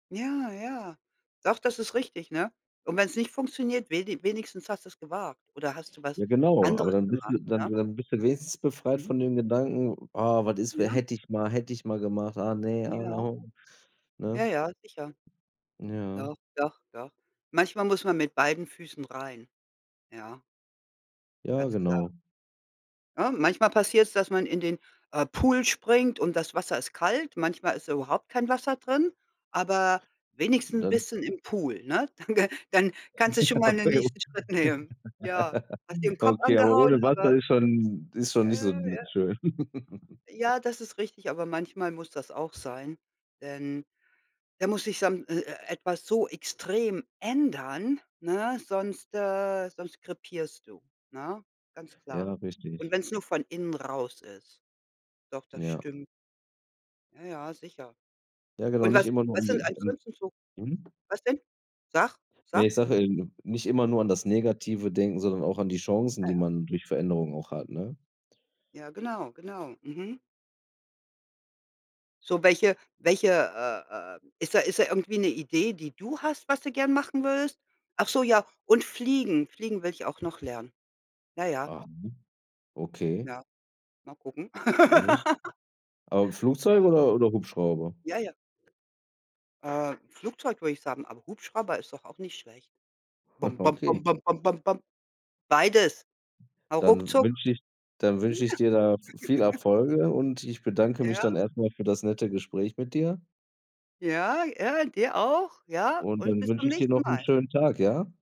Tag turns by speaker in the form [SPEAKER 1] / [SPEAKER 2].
[SPEAKER 1] Ja, ja. Doch, das ist richtig, ne? Und wenn's nicht funktioniert, wenig wenigstens hast du's gewagt. Oder hast du
[SPEAKER 2] Ja,
[SPEAKER 1] was
[SPEAKER 2] genau. Aber
[SPEAKER 1] anderes
[SPEAKER 2] dann bist du
[SPEAKER 1] gemacht,
[SPEAKER 2] dann
[SPEAKER 1] ne?
[SPEAKER 2] dann bist du wenigstens befreit
[SPEAKER 1] Mhm.
[SPEAKER 2] von dem Gedanken: „Ah, was ist, we
[SPEAKER 1] Ja.
[SPEAKER 2] hätte ich mal hätte ich mal gemacht, ah, ne, ah,
[SPEAKER 1] Ja.
[SPEAKER 2] ho“,
[SPEAKER 1] Ja,
[SPEAKER 2] ne?
[SPEAKER 1] ja, sicher.
[SPEAKER 2] Ja.
[SPEAKER 1] Doch, doch, doch. Manchmal muss man mit beiden Füßen rein, ja.
[SPEAKER 2] Ja,
[SPEAKER 1] Ganz klar.
[SPEAKER 2] genau.
[SPEAKER 1] Ne, manchmal passiert's, dass man in den, äh, Pool springt und das Wasser ist kalt. Manchmal ist da überhaupt kein Wasser drin, aber wenigstens
[SPEAKER 2] Dann
[SPEAKER 1] bist du dann im Pool, ne? Dann g dann kannst du schon mal den
[SPEAKER 2] Okay. [unintelligible]
[SPEAKER 1] nächsten Schritt nehmen. Ja, hast dir 'n Kopf
[SPEAKER 2] Okay, aber
[SPEAKER 1] angehauen,
[SPEAKER 2] ohne Wasser
[SPEAKER 1] aber
[SPEAKER 2] ist schon ist schon nicht so
[SPEAKER 1] Äh,
[SPEAKER 2] n
[SPEAKER 1] ja.
[SPEAKER 2] schön.
[SPEAKER 1] Ja, das ist richtig, aber manchmal muss das auch sein. Denn da muss sich sam e äh, etwas so extrem ändern, ne, sonst, äh sonst krepierst du, ne, ganz
[SPEAKER 2] Ja,
[SPEAKER 1] klar. Und
[SPEAKER 2] richtig.
[SPEAKER 1] wen's nur von innen raus ist. Doch, das
[SPEAKER 2] Ja.
[SPEAKER 1] stimmt. Ja, ja, sicher.
[SPEAKER 2] Ja, genau,
[SPEAKER 1] Und
[SPEAKER 2] nicht
[SPEAKER 1] was
[SPEAKER 2] immer nur
[SPEAKER 1] was
[SPEAKER 2] um die
[SPEAKER 1] sind
[SPEAKER 2] [unintelligible]
[SPEAKER 1] ansonsten so
[SPEAKER 2] mhm.
[SPEAKER 1] was denn? Sag,
[SPEAKER 2] Ne,
[SPEAKER 1] sag.
[SPEAKER 2] ich sage in nicht immer nur an das Negative denken, sondern auch an die Chancen,
[SPEAKER 1] Ja,
[SPEAKER 2] die
[SPEAKER 1] ja.
[SPEAKER 2] man durch Veränderungen auch hat, ne?
[SPEAKER 1] Ja, genau, genau, mhm. So, welche welche, äh äh ist da ist da irgendwie 'ne Idee, die du hast, was du gerne machen würdest? Ach so, ja, und fliegen. Fliegen will ich auch noch lernen. Ja, ja.
[SPEAKER 2] Ah, mhm. Okay.
[SPEAKER 1] Ja, mal gucken.
[SPEAKER 2] Noch nicht. Aber Flugzeug
[SPEAKER 1] Ja.
[SPEAKER 2] oder oder Hubschrauber?
[SPEAKER 1] Ja, ja. Äh, Flugzeug würde ich sagen, aber Hubschrauber ist doch auch nicht schlecht.
[SPEAKER 2] Ah,
[SPEAKER 1] Bom, bom, bom,
[SPEAKER 2] okay.
[SPEAKER 1] bom, bom, bom, bom. Beides. Hau
[SPEAKER 2] Dann
[SPEAKER 1] ruckzuck.
[SPEAKER 2] wünsche ich dann
[SPEAKER 1] [unintelligible]
[SPEAKER 2] wünsche ich dir da viel Erfolge und ich bedanke mich dann
[SPEAKER 1] Ja.
[SPEAKER 2] erst mal für das nette Gespräch mit dir.
[SPEAKER 1] Ja. Ja, dir auch. Ja,
[SPEAKER 2] Und
[SPEAKER 1] und
[SPEAKER 2] dann
[SPEAKER 1] bis
[SPEAKER 2] wünsche
[SPEAKER 1] zum
[SPEAKER 2] ich dir
[SPEAKER 1] nächsten
[SPEAKER 2] noch 'n
[SPEAKER 1] Mal.
[SPEAKER 2] schönen Tag, ja?